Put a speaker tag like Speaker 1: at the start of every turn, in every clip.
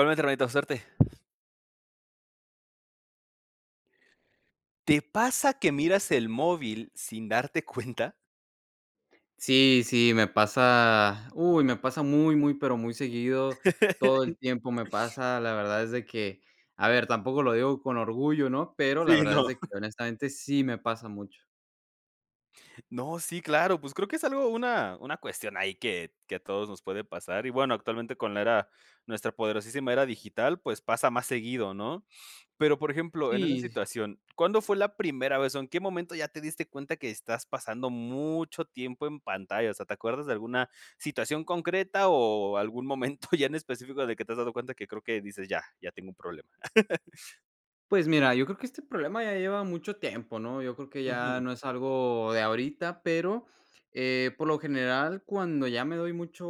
Speaker 1: Igualmente hermanito, suerte. ¿Te pasa que miras el móvil sin darte cuenta?
Speaker 2: Sí, sí, me pasa. Uy, me pasa muy, muy, pero muy seguido. Todo el tiempo. Me pasa, la verdad es de que, a ver, tampoco lo digo con orgullo, ¿no? Pero la
Speaker 1: Sí,
Speaker 2: verdad
Speaker 1: no.
Speaker 2: es de que, honestamente, sí me pasa mucho.
Speaker 1: No, sí, claro, pues creo que es algo una una cuestión ahí que que a todos nos puede pasar, y bueno, actualmente con la era nuestra poderosísima era digital, pues, pasa más seguido ¿no? Pero por ejemplo, en esa
Speaker 2: Sí.
Speaker 1: situación, ¿cuándo fue la primera vez, o en qué momento ya te diste cuenta que estás pasando mucho tiempo en pantalla? O sea, te acuerdas de alguna situación concreta, o algún momento ya en específico de que te has dado cuenta que creo que dices: "Ya, ya tengo un problema".
Speaker 2: Pues mira, yo creo que este problema ya lleva mucho tiempo, ¿no? Yo creo que ya
Speaker 1: Ujú.
Speaker 2: no es algo de ahorita, pero, eh, por lo general, cuando ya me doy mucho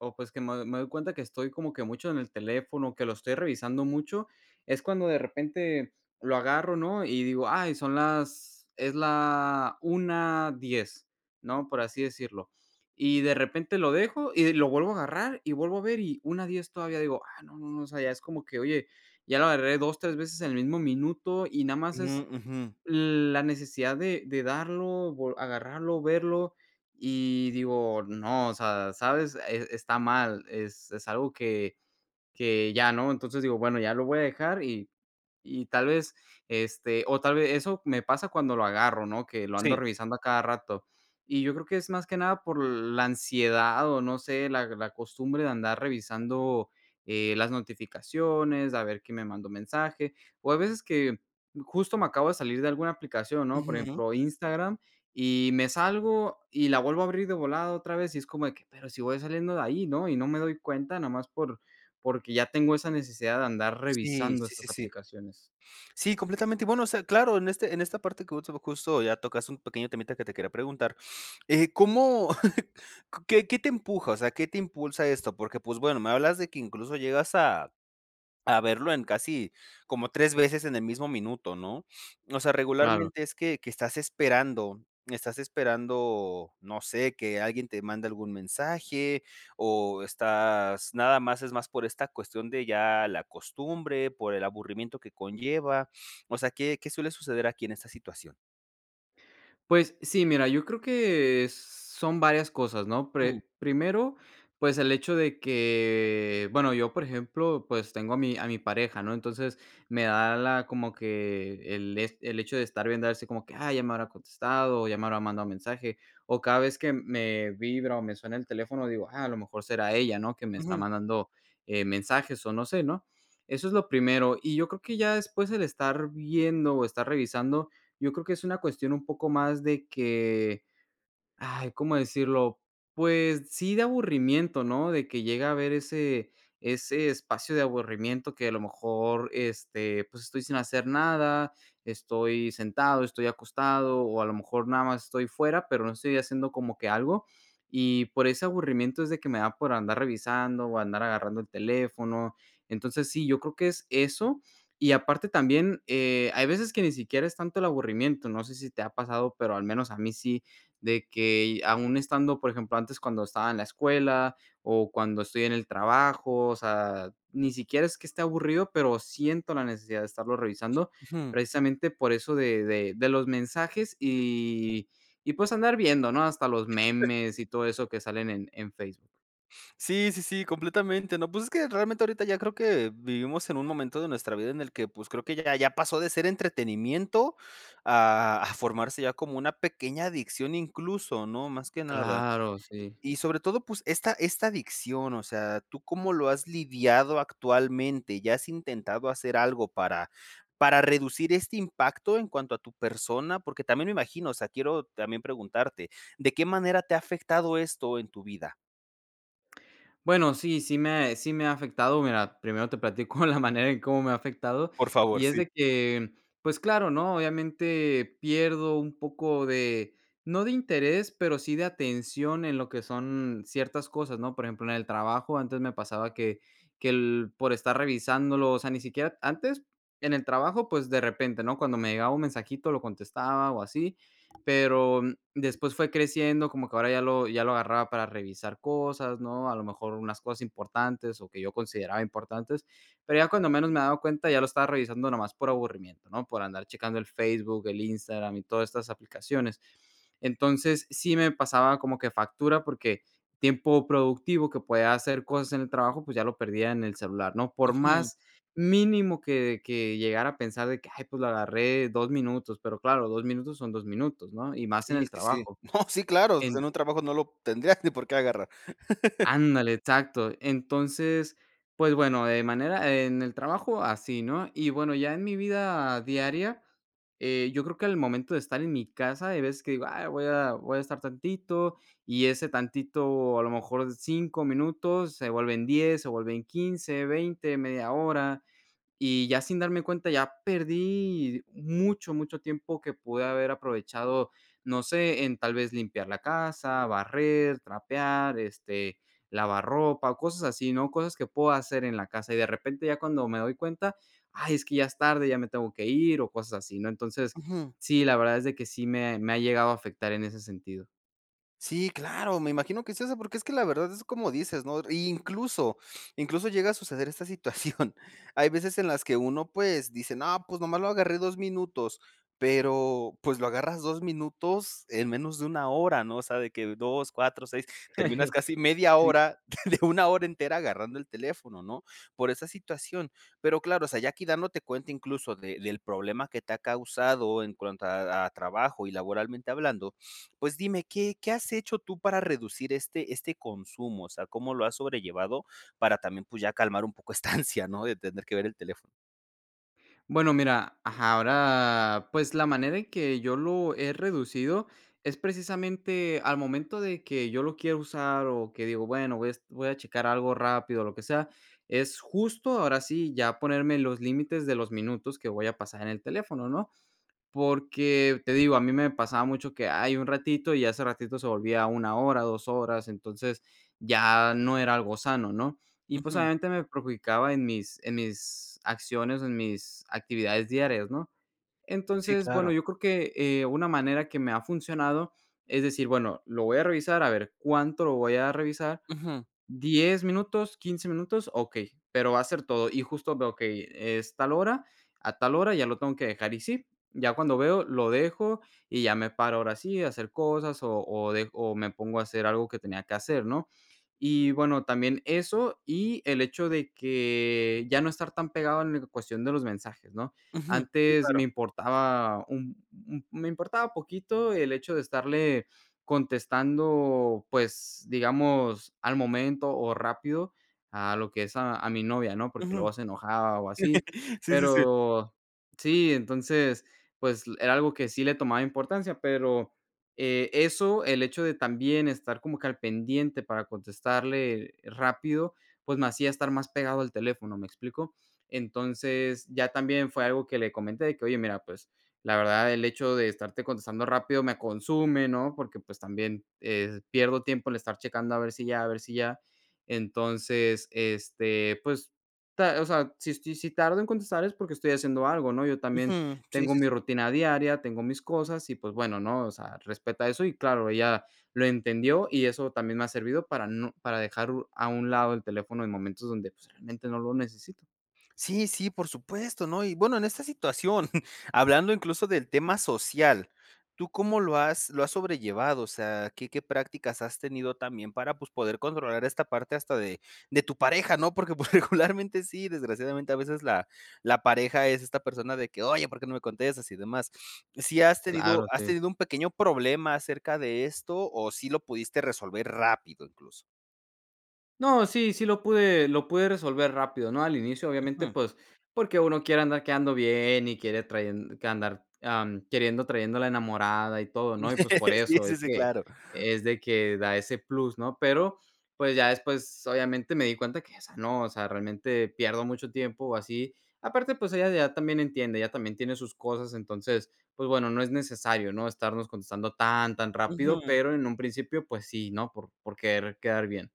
Speaker 2: o pues, que me me doy cuenta que estoy como que mucho en el teléfono, que lo estoy revisando mucho, es cuando de repente lo agarro, ¿no? Y digo: "Ay son las es la 1:10", ¿no? Por así decirlo. Y de repente lo dejo y de lo vuelvo a agarrar, y vuelvo a ver y 1:10 todavía digo: "Ah, no, no, no", o sea, ya es como que, oye, ya lo agarré 2 3 veces en el mismo minuto y nada más es
Speaker 1: Mm, ujú.
Speaker 2: la necesidad de de darlo, vo agarrarlo, verlo y digo, no, o sea, ¿sabes? Es está mal, es es algo que que ya, ¿no? Entonces digo, bueno, ya lo voy a dejar y y tal vez, este, o tal vez eso me pasa cuando lo agarro, ¿no? Que lo ando
Speaker 1: Sí.
Speaker 2: revisando a cada rato. Y yo creo que es más que nada por la ansiedad o no sé, la la costumbre de andar revisando, eh, las notificaciones, a ver quién me mandó mensaje. O a veces que justo me acabo de salir de alguna aplicación, ¿no? Por
Speaker 1: Ujú.
Speaker 2: ejemplo, Instagram, y me salgo, y la vuelvo a abrir de volada otra vez y es como de que, pero si voy saliendo de ahí, ¿no? Y no me doy cuenta nomás por porque ya tengo esa necesidad de andar
Speaker 1: Sí,
Speaker 2: revisando
Speaker 1: sí, sí,
Speaker 2: estas
Speaker 1: sí.
Speaker 2: aplicaciones.
Speaker 1: Sí, completamente, bueno, o sea, claro, en este en esta parte, que justo ya tocas un pequeño temita que te quería preguntar, eh, ¿cómo qué qué te empuja? O sea, ¿Qué te impulsa a esto? Porque, pues, bueno, me hablas de que incluso llegas a a verlo en casi como 3 veces en el mismo minuto, ¿no? O sea,
Speaker 2: Claro.
Speaker 1: regularmente es que que estás esperando estás esperando, no sé, que alguien te mande algún mensaje, o, estás nada más es más por esta cuestión de ya la costumbre, por el aburrimiento que conlleva, o sea, ¿qué qué suele suceder aquí en esta situación?
Speaker 2: Pues sí, mira, yo creo que son varias cosas, ¿no?
Speaker 1: [unintelligible]
Speaker 2: Pre primero, pues el hecho de que bueno, yo, por ejemplo, pues tengo a mi a mi pareja, ¿no? Entonces, me da la como que el, es el hecho de estar viendo así como que, ah, ya me habrá contestado o ya me habrá mandado mensaje. O cada vez que me vibra o me suena el teléfono, digo: "Ah, a lo mejor será ella", ¿no? Que me está
Speaker 1: Ujú.
Speaker 2: mandando, eh, mensajes o no sé, ¿no? Eso es lo primero. Y yo creo que ya después el estar viendo o estar revisando, yo creo que es una cuestión un poco más de que, ay, ¿cómo decirlo? Pues sí, de aburrimiento, ¿no? De que llega a haber ese ese espacio de aburrimiento que a lo mejor, este, pues estoy sin hacer nada, estoy sentado, estoy acostado o a lo mejor nada más estoy fuera, pero no estoy haciendo como que algo y por ese aburrimiento es de que me da por andar revisando o andar agarrando el teléfono. Entonces sí, yo creo que es eso y aparte también, eh, hay veces que ni siquiera es tanto el aburrimiento, no sé si te ha pasado, pero al menos a mí sí, de que aún estando, por ejemplo, antes cuando estaba en la escuela o cuando estoy en el trabajo, o sea, ni siquiera es que esté aburrido, pero siento la necesidad de estarlo revisando
Speaker 1: Ujú.
Speaker 2: precisamente por eso de de de los mensajes y y pues andar viendo, ¿no? Hasta los memes y todo eso que salen en en Facebook.
Speaker 1: Sí, sí, sí, completamente, no, pues, es que realmente ahorita ya creo que vivimos en un momento de nuestra vida en el que, pues, creo que ya ya pasó de ser entretenimiento a a formarse ya como una pequeña adicción incluso, ¿no?, más que nada,
Speaker 2: Claro, sí.
Speaker 1: y sobre todo, pues, esta esta adicción, o sea, ¿tú cómo lo has lidiado actualmente?, ¿ya has intentado hacer algo para para reducir este impacto en cuanto a tu persona?, porque también me imagino, o sea, quiero también preguntarte, ¿de qué manera te ha afectado esto en tu vida?
Speaker 2: Bueno, sí, sí me ha sí me ha afectado, mira, primero te platico la manera en cómo me ha afectado
Speaker 1: Por favor,
Speaker 2: y es
Speaker 1: sí.
Speaker 2: de que, pues claro, ¿no?, obviamente pierdo un poco de no de interés, pero sí de atención en lo que son ciertas cosas, ¿no?, por ejemplo, en el trabajo antes me pasaba que que el por estar revisándolo, o sea, ni siquiera antes en el trabajo, pues, de repente, ¿no?, cuando me llegaba un mensajito lo contestaba o así, pero después fue creciendo, como que ahora ya lo ya lo agarraba para revisar cosas, ¿no?, a lo mejor unas cosas importantes o que yo consideraba importantes, pero ya cuando menos me he dado cuenta, ya lo estaba revisando nomás por aburrimiento, ¿no?, por andar checando el Facebook, el Instagram y todas estas aplicaciones, entonces, sí me pasaba como que factura porque tiempo productivo que puede hacer cosas en el trabajo, pues, ya lo perdía en el celular, ¿no?, por
Speaker 1: Ujú.
Speaker 2: más mínimo que que llegara a pensar de que, ay, pues, lo agarré 2 minutos, pero claro, 2 minutos son 2 minutos, ¿no?, y más en
Speaker 1: Sí,
Speaker 2: el
Speaker 1: sí, sí,
Speaker 2: trabajo,
Speaker 1: no, sí, claro, pues, en
Speaker 2: en
Speaker 1: un trabajo no lo tendrías ni por qué agarrar.
Speaker 2: Ándale, exacto, entonces, pues bueno, de manera en el trabajo así, ¿no?, y bueno, ya en mi vida diaria, eh, yo creo que al momento de estar en mi casa hay veces que digo, ay voy a voy a estar tantito y ese tantito a lo mejor 5 minutos se vuelven 10 se vuelven 15 20, media hora y ya sin darme cuenta ya perdí mucho, mucho tiempo que pude haber aprovechado, no sé, en tal vez limpiar la casa, barrer, trapear, este, lavar ropa o cosas así, ¿no?, cosas que puedo hacer en la casa, y de repente ya cuando me doy cuenta, ay, es que ya es tarde, ya me tengo que ir o cosas así, ¿no?, entonces,
Speaker 1: Ujú.
Speaker 2: sí, la verdad es de que sí me ha me ha llegado a afectar en ese sentido.
Speaker 1: Sí, claro, me imagino que es eso, porque es que la verdad es como dices, ¿no? Y incluso incluso llega a suceder esta situación. Hay veces en las que uno, pues, dice: "No, pues, nomás lo agarré 2 minutos", pero pues lo agarras 2 minutos en menos de una hora, ¿no? O sea, que 2, 4, 6 terminas casi media
Speaker 2: Sí.
Speaker 1: hora, de de una hora entera agarrando el teléfono, ¿no? Por esa situación, pero, claro, o sea, ya aquí dándote cuenta incluso de del problema que te ha causado en cuanto a a trabajo y laboralmente hablando, pues, dime, ¿qué qué has hecho tú para reducir este este consumo? O sea, ¿cómo lo has sobrellevado? Para también, pues, ya calmar un poco esta ansia, ¿no? De tener que ver el teléfono.
Speaker 2: Bueno, mira, ajá, ahora, pues, la manera en que yo lo he reducido, es precisamente al momento de que yo lo quiera usar, o, que digo: "Bueno, voy a es voy a checar algo rápido, o lo que sea", es justo, ahora sí, ya ponerme los límites de los minutos que voy a pasar en el teléfono, ¿no? Porque te digo, a mí me pasaba mucho que: "Ay, un ratito", y ya ese ratito se volvía 1 hora, 2 horas, entonces ya no era algo sano, ¿no? Y pues,
Speaker 1: Ujú.
Speaker 2: obviamente me perjudicaba en mis en mis acciones, o en mis actividades diarias, ¿no?
Speaker 1: Sí,
Speaker 2: Entonces, bueno,
Speaker 1: claro.
Speaker 2: yo creo que, eh, una manera que me ha funcionado es decir: "Bueno, lo voy a revisar, a ver cuánto lo voy a revisar,
Speaker 1: Ujú.
Speaker 2: 10 minutos, 15 minutos, okey. Pero va a ser todo". Y justo veo que y es tal hora, a tal hora ya lo tengo que dejar y sí. Ya cuando veo lo dejo, y, ya me paro ahora sí a hacer cosas, o o, de o me pongo a hacer algo que tenía que hacer, ¿no? Y bueno, también eso, y el hecho de que ya no estar tan pegado en cuestión de los mensajes, ¿no?
Speaker 1: Ujú. Sí,
Speaker 2: Antes me
Speaker 1: claro.
Speaker 2: importaba un un me importaba poquito el hecho de estarle contestando, pues, digamos, al momento o rápido a lo que es, a a mi novia, ¿no? Porque
Speaker 1: Ujú.
Speaker 2: luego se enojaba o así.
Speaker 1: Sí, sí, sí.
Speaker 2: Pero sí, entonces, pues l era algo que sí le tomaba importancia, pero, eh, eso, el hecho de también estar como que al pendiente para contestarle rápido, pues, me hacía estar más pegado al teléfono, ¿me explico? Entonces, ya también fue algo que le comenté de que: "Oye, mira, pues la verdad el hecho de estarte contestando rápido me consume", ¿no? Porque, pues, también, eh, pierdo tiempo el estar checando a ver si ya, a ver si ya Entonces, este, pues, ta o sea, si estoy si tardo en contestar es porque estoy haciendo algo, ¿no? Yo también
Speaker 1: Ujú. Si,
Speaker 2: tengo
Speaker 1: sí,
Speaker 2: mi
Speaker 1: sí.
Speaker 2: rutina diaria, tengo mis cosas y pues bueno, ¿no? O sea: "Respeta eso", y claro ella lo entendió, y eso también me ha servido para no para dejar u a un lado el teléfono en momentos donde pues realmente no lo necesito.
Speaker 1: Sí, sí, por supuesto, ¿no? Y bueno, en esta situación, hablando incluso del tema social, ¿tú cómo lo has lo has sobrellevado? O sea, ¿qué qué prácticas has tenido también para, pues, poder controlar esta parte hasta de de tu pareja, ¿no? Porque pues regularmente sí, desgraciadamente a veces la la pareja es esta persona de que: "Oye, ¿Por qué no me contestas y demás?" ¿Si has tenido
Speaker 2: Claro,
Speaker 1: has
Speaker 2: sí.
Speaker 1: tenido un pequeño problema acerca de esto o si lo pudiste resolver rápido incluso?
Speaker 2: No, sí, sí lo pude lo pude resolver rápido, ¿no? Al inicio, obviamente,
Speaker 1: Ujú.
Speaker 2: pues, porque uno quiere andar quedando bien y quiere trayen que andar mm, queriendo trayendo la enamorada y todo, ¿no? Y pues por
Speaker 1: Sí,
Speaker 2: eso es
Speaker 1: sí, sí,
Speaker 2: que
Speaker 1: claro.
Speaker 2: es de que da ese plus, ¿no? Pero, pues ya después obviamente me di cuenta que esa no, o sea, realmente pierdo mucho tiempo así. Aparte, pues ella ya también entiende, ella también tiene sus cosas. Entonces, pues, bueno, no es necesario, ¿no? Estarnos contestando tan, tan rápido,
Speaker 1: Ujú.
Speaker 2: pero en un principio, pues, sí, ¿no? Por por querer quedar bien.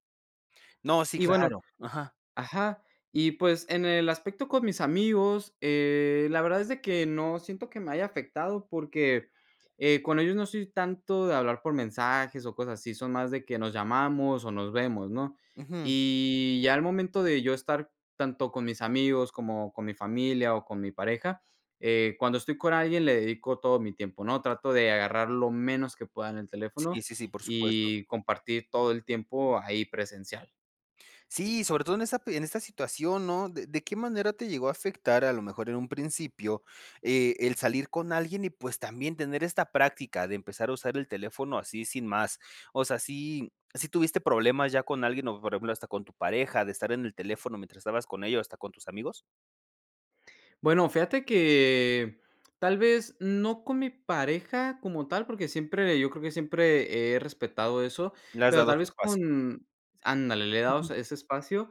Speaker 1: No, sí,
Speaker 2: Y bueno
Speaker 1: claro. Ajá.
Speaker 2: Ajá. Y, pues, en el aspecto con mis amigos, eh, la verdad es de que no siento que me haya afectado porque, eh, con ellos no soy tanto de hablar por mensajes o cosas así, son más de que nos llamamos o nos vemos, ¿no?
Speaker 1: Ujú.
Speaker 2: Y ya al momento de yo estar tanto con mis amigos como con mi familia o con mi pareja, eh, cuando estoy con alguien le dedico todo mi tiempo, ¿no? Trato de agarrar lo menos que pueda en el
Speaker 1: Sí,
Speaker 2: teléfono
Speaker 1: sí, sí, por supuesto.
Speaker 2: y compartir todo el tiempo ahí presencial.
Speaker 1: Sí, sobre todo en esa p en esa situación, ¿no?, de de qué manera te llegó a afectar a lo mejor en un principio, eh, el salir con alguien y, pues, también tener esta práctica de empezar a usar el teléfono así sin más. O sea, ¿si si tuviste problemas ya con alguien, o por ejemplo, hasta con tu pareja, de estar en el teléfono mientras estabas con ella, o hasta con tus amigos?
Speaker 2: Bueno, fíjate que, tal vez, no con mí pareja como tal, porque siempre, yo creo que siempre, he respetado eso,
Speaker 1: Le has
Speaker 2: pero
Speaker 1: dado
Speaker 2: tal
Speaker 1: su
Speaker 2: vez,
Speaker 1: espacio.
Speaker 2: con ándale, le he dado
Speaker 1: Ujú.
Speaker 2: su ese espacio,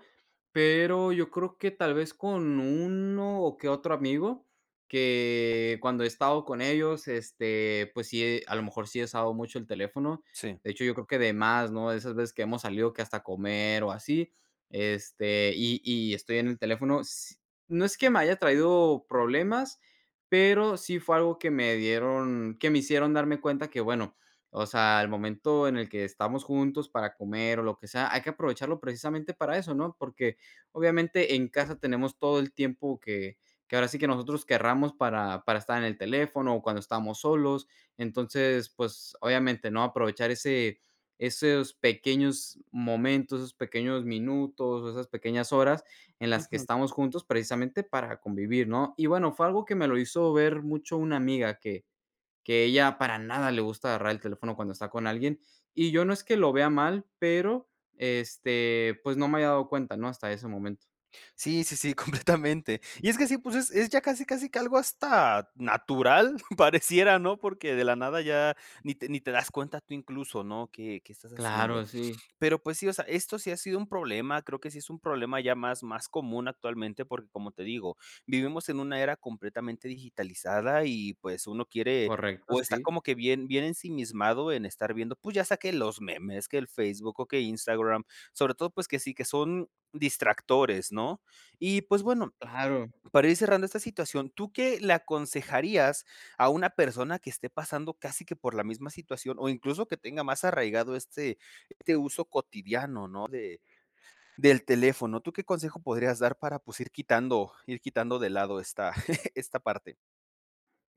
Speaker 2: pero, yo creo que tal vez, con uno o que otro amigo, que cuando he estado con ellos, este, pues sí, a lo mejor sí he usado mucho el teléfono.
Speaker 1: Sí.
Speaker 2: De hecho, yo creo que demás, ¿no?, de esas veces que hemos salido que hasta comer o así, este, y y estoy en el teléfono, s no es que me haya traído problemas, pero sí, fue algo que me dieron que me hicieron darme cuenta que, bueno, o sea, el momento en el que estamos juntos para comer o lo que sea, hay que aprovecharlo precisamente, para eso, ¿no?, porque obviamente, en casa tenemos todo el tiempo que que ahora sí, que nosotros queramos para para estar en el teléfono, o cuando estamos solos. Entonces, pues, obviamente, ¿no?, aprovechar ese esos pequeños momentos, esos pequeños minutos, esas pequeñas horas en las que
Speaker 1: Ujú.
Speaker 2: estamos juntos precisamente, para convivir, ¿no?, y bueno, fue algo que me lo hizo ver mucho una amiga, que que ella para nada le gusta agarrar el teléfono cuando está con alguien. Y yo no es que lo vea mal, pero, este, pues, no me había dado cuenta, ¿no?, hasta ese momento.
Speaker 1: Sí, sí, sí, completamente. Y es que sí, pues, es es ya casi, casi que algo hasta natural, pareciera, ¿no?, porque de la nada ya, ni te ni te das cuenta tú incluso, ¿no?, que que estás haciendo.
Speaker 2: Claro, sí.
Speaker 1: Pero, pues sí, o sea, esto sí ha sido un problema, creo que sí, es un problema ya más más común actualmente, porque, como te digo, vivimos en una era completamente digitalizada, y pues, uno quiere,
Speaker 2: Correcto,
Speaker 1: o está
Speaker 2: sí.
Speaker 1: como que bien bien ensimismado en estar viendo, pues, ya sea que los memes, que el Facebook, que Instagram, sobre todo, pues, que sí, que son distractores, ¿no?, y pues, bueno,
Speaker 2: ¡Claro!
Speaker 1: para ir cerrando esta situación, ¿tú qué le aconsejarías a una persona que esté pasando casi que por la misma situación, o incluso que tenga más arraigado este este uso cotidiano, ¿no?, del teléfono, ¿tú qué consejo podrías dar para, pues, ir quitando ir quitando de lado esta esta parte?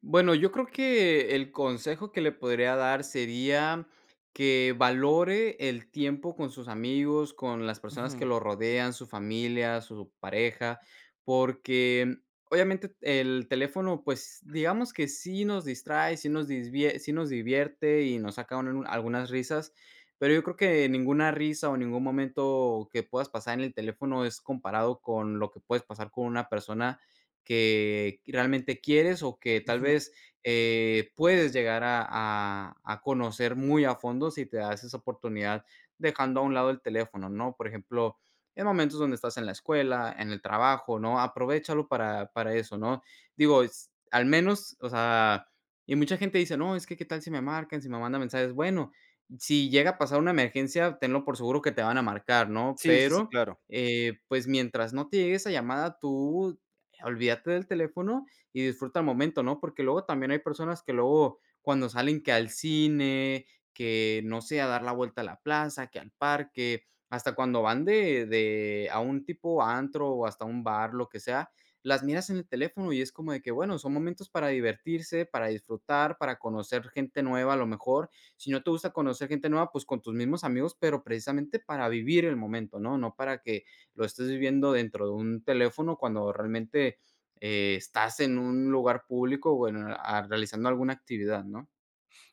Speaker 2: Bueno, yo creo que, el consejo que le podría dar sería, que valore el tiempo con sus amigos, con las personas que
Speaker 1: Ujú.
Speaker 2: lo rodean, su familia, su pareja. Porque, obviamente, el teléfono, pues, digamos que sí nos distrae, sí nos disvie sí nos divierte y nos sacan una algunas risas. Pero yo creo que ninguna risa o ningún momento que puedas pasar en el teléfono es comparado con lo que puedes pasar con una persona que realmente quieres o que tal
Speaker 1: Ujú.
Speaker 2: vez, eh, puedes llegar a a a conocer muy a fondo si te das esa oportunidad dejando a un lado el teléfono, ¿no? Por ejemplo, en momentos donde estás en la escuela, en el trabajo, ¿no? Aprovéchalo para para eso, ¿no? Digo, s al menos, o sea y mucha gente dice: "No, es que qué tal si me marcan, si me mandan mensajes", bueno, si llega a pasar una emergencia, tenlo por seguro que te van a marcar, ¿no?
Speaker 1: Sí, sí, sí,
Speaker 2: Pero,
Speaker 1: claro.
Speaker 2: eh, pues mientras no te llegue esa llamada, tú olvídate del teléfono y disfruta el momento, ¿no? Porque luego también hay personas que luego, cuando salen que al cine, que no sé, a dar la vuelta a la plaza, que al parque, hasta cuando van de de a un tipo antro o hasta un bar, lo que sea, las miras en el teléfono y es como de que bueno, son momentos para divertirse, para disfrutar, para conocer gente nueva a lo mejor. Si no te gusta conocer gente nueva, pues con tus mismos amigos, pero precisamente para vivir el momento, ¿no? No para que lo estés viviendo dentro de un teléfono cuando realmente, eh, estás en un lugar público o en, ah, realizando alguna actividad, ¿no?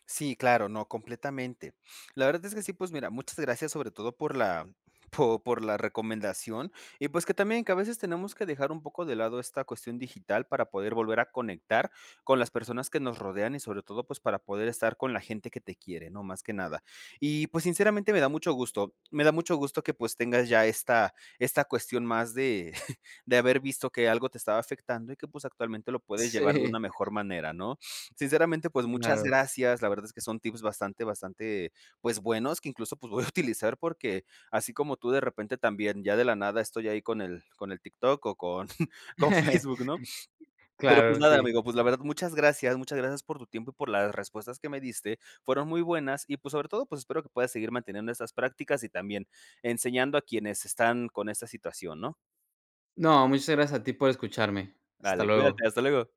Speaker 1: Sí, claro, no, completamente. La verdad es que sí, pues mira, muchas gracias sobre todo por la, po por la recomendación y, pues, que también que a veces tenemos que dejar un poco de lado esta cuestión digital para poder volver a conectar con las personas que nos rodean y sobre todo, pues para poder estar con la gente que te quiere ¿no? Más que nada. Y pues sinceramente me da mucho gusto, me da mucho gusto que pues tengas ya esta esta cuestión más de de haber visto que algo te estaba afectando y que, pues, actualmente lo puedes llevar de
Speaker 2: Sí.
Speaker 1: una mejor manera, ¿no? Sinceramente, pues, muchas
Speaker 2: Claro.
Speaker 1: gracias, la verdad es que son tips bastante, bastante, pues, buenos, que incluso, pues, voy a utilizar porque así como tú de repente también, ya de la nada estoy ahí con el con el TikTok o con con Facebook, ¿no? Pero, pues,
Speaker 2: Claro,
Speaker 1: nada,
Speaker 2: sí.
Speaker 1: amigo, pues la verdad muchas gracias, muchas gracias por tu tiempo y por las respuestas que me diste. Fueron muy buenas y, pues, sobre todo, pues, espero que puedas seguir manteniendo esas prácticas y también enseñando a quienes están con esta situación, ¿no?
Speaker 2: No, muchas gracias a ti por escucharme. Hasta
Speaker 1: Vale,
Speaker 2: luego.
Speaker 1: cuídate. Hasta luego.